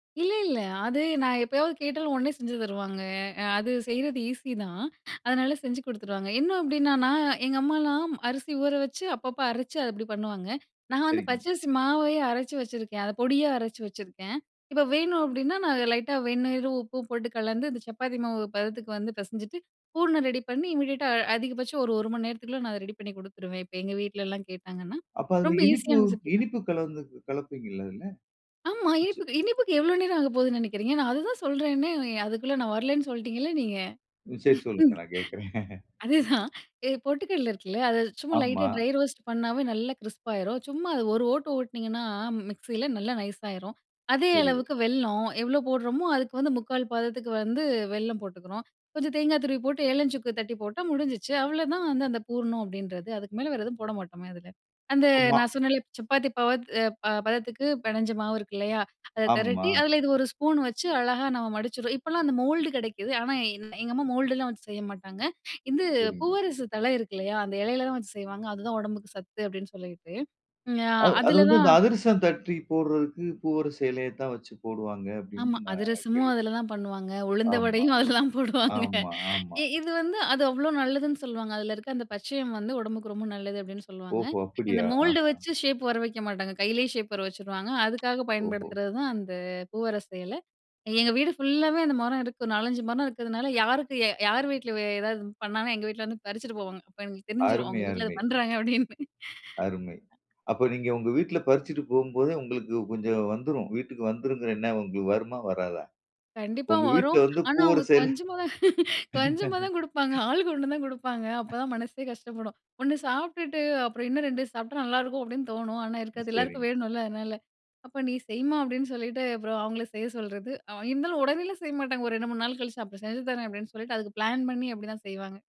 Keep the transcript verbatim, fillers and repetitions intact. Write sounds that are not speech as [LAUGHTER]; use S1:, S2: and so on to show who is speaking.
S1: இல்ல, இல்ல, அது நான் எப்பயாவது கேட்டாலும் உடனே செஞ்சு தருவாங்க. அ, அது செய்றது ஈஸிதான், அதனால செஞ்சு குடுத்துருவாங்க. என்ன அப்பிடின்னா, நான் எங்க அம்மாலாம் அரிசி ஊறவச்சு, அப்பப்ப அரச்சி, அது அப்பிடி பண்ணுவாங்க. நான் வந்து
S2: சரிங்க.
S1: பச்சரிசி மாவையே அரச்சு வெச்சிருக்கேன், அத பொடியா அரச்சி வெச்சிருக்கேன். இப்ப வேணும் அப்பிடின்னா, நான் லைட்டா வெந்நீரும் உப்பும் போட்டு கலந்து, இந்த சப்பாத்தி மாவு பதத்துக்கு வந்து பெசஞ்சிட்டு, பூரணம் ரெடி பண்ணி, இம்மிடியட்டா அ அதிகபட்சம் ஒரு, ஒரு மணி நேரத்துக்குள்ள நான் அத ரெடி பண்ணிக் குடுத்துருவேன், இப்ப எங்க வீட்ல எல்லாம் கேட்டாங்கன்னா.
S2: அப்ப, அதுல
S1: ரொம்ப
S2: இனிப்பு,
S1: ஈஸியான ரெசிபி தான்.
S2: இனிப்பு கலந்து கலப்பீங்கல்ல அதுல.
S1: ஆமா,
S2: நிச்ச
S1: இனிப்புக்கு இனிப்புக்கு எவ்ளோ நேரம் ஆகப்போகுதுன்னு நெனைக்கிறீங்க? நான் அதுதான் சொல்றேனே, அ, அதுக்குள்ள நான் வரலன்னு சொல்லிட்டீங்கள நீங்க.
S2: அ சரி, சொல்லுங்க,
S1: [CHUCKLES]
S2: நான் கேக்குறேன் [CHUCKLES]
S1: அதேதான். எ பொட்டுக்கல்ல இருக்குல்ல, அத சும்மா லைட்டா
S2: ஆமா.
S1: ட்ரை ரோஸ்ட் பண்ணாவே நல்லா கிரிஸ்ப் ஆயிரும். சும்மா அத ஒரு ஓட்டு, ஓட்டுனீங்கன்னா மிக்ஸில, நல்லா நைஸ் ஆயிரும். அதே
S2: சரி.
S1: அளவுக்கு வெல்லம் எவ்ளோ போடறம்மோ! அதுக்கு வந்து முக்கால் பதத்துக்கு வந்து வெல்லம் போட்டுக்கிறோம். கொஞ்சம் தேங்கா துருவி போட்டு, ஏலம், சுக்கு தட்டி போட்டா முடிஞ்சுச்சி. அவ்ளோதான் அந்த, அந்த பூரணம் அப்பிடின்றது. அதுக்கு மேல வேற எதுவும் போட மாட்டோமே! அதுல. அந்த
S2: ஆமா.
S1: நான் சொன்னேன்ல, சப்பாத்தி பாவு, அ, பா பதத்துக்குப் பெணைஞ்ச மாவு இருக்கில்லயா! அத தெரட்டி,
S2: ஆமா.
S1: அதுல இது ஒரு ஸ்பூன் வச்சு அழகா நாங்க மடிச்சுருவோம். இப்பல்லாம் அந்த மோல்டு கெடைக்குது, ஆனா, என் எங்க அம்மா மோல்டு எல்லாம் வச்சு செய்ய மாட்டாங்க. இது
S2: சரிங்க.
S1: பூவரசு தழை இருக்கில்லயா! அந்த இலையில தான் வச்சு செய்வாங்க. அதுதான் உடம்புக்கு சத்து அப்பிடின்னு சொல்லிட்டு, அ,
S2: அ, அது வந்து, இந்த
S1: அதுலதான்
S2: அதிரசம் தட்டி போடுறதுக்குப் பூவரச எலையத்தான் வச்சி போடுவாங்க
S1: ஆமா,
S2: அப்பிடின்னு நான்
S1: அதிரசமும்
S2: கேள்வி
S1: அதுலதான் பண்ணுவாங்க, உளுந்த
S2: ஆமா,
S1: வடையும் அதுலதான் போடுவாங்க
S2: ஆமா, ஆமா.
S1: இ இது வந்து, அது அவ்ளோ நல்லதுன்னு சொல்லுவாங்க, அதுல இருக்க அந்த பச்சையம் வந்து உடம்புக்கு ரொம்ப நல்லது அப்பிடின்னு சொல்லுவாங்க.
S2: ஓஹோ!
S1: இந்த
S2: அப்பிடியா?
S1: மோல்டு
S2: ஆஹா!
S1: வச்சி ஷேப் வரவைக்க மாட்டாங்க, கையிலே ஷேப் வரவச்சுருவாங்க.
S2: [TSK]
S1: அதுக்காக
S2: ஓஹோ!
S1: பயன்படுத்துறதுதான் அந்த பூவரச எலை. எங்க வீடு ஃபுல்லாவே அந்த மரம் இருக்கு. நாலஞ்சு மரம் இருக்கறதுனால, யாருக்கு அ யார் வீட்ல ஏதாவது பண்ணாங்கன்னா, எங்க வீட்ல வந்து பறிச்சிட்டு போவாங்க. அப்ப எங்களுக்கு தெரிஞ்சிரும்,
S2: அருமை!
S1: அவுங்க வீட்ல அது
S2: அருமை!
S1: பண்றாங்க அப்பிடின்னு.
S2: அருமை! அப்ப நீங்க உங்க வீட்ல பறிச்சிட்டு போம்போதே உங்களுக்கு கொஞ்சம் வந்துரும். வீட்டுக்கு வந்துரும்ங்கற எண்ணம் உங்களுக்கு வருமா? வராதா?
S1: கண்டிப்பா
S2: உங்க வீட்ல
S1: வரும்.
S2: வந்து
S1: ஆனா, அவுங்க
S2: பூவரச எல
S1: கொஞ்சமாதான் [LAUGHS] கொஞ்சமாதான் குடுப்பாங்க.
S2: [LAUGHS]
S1: ஆளுக்கு ஒண்ணு தான் குடுப்பாங்க, அப்ப தான் மனசே கஷ்டப்படும். ஒண்ணு சாப்ட்டுட்டு அப்பறம் இன்ன ரெண்டு சாப்ட்டா நல்லா இருக்கும் அப்பிடின்னு தோணும், ஆனா இருக்காதுல்ல. எல்லாருக்கும்
S2: சரிங்க.
S1: வேணுல? அதனால, அப்ப நீ செய்யுமா! அப்பிடின்னு சொல்லிட்டு, அப்பறம் அவுங்கள செய்ய சொல்றது. அ, இருந்தாலும் உடனேலாம் செய்ய மாட்டாங்க, ஒரு ரெண்டு, மூணு நாள் கழிச்சு அப்பறம் செஞ்சு தரேன் அப்பிடின்னு சொல்லிட்டு, அதுக்குப் பிளான் பண்ணி அப்பிடித்தான் செய்வாங்க.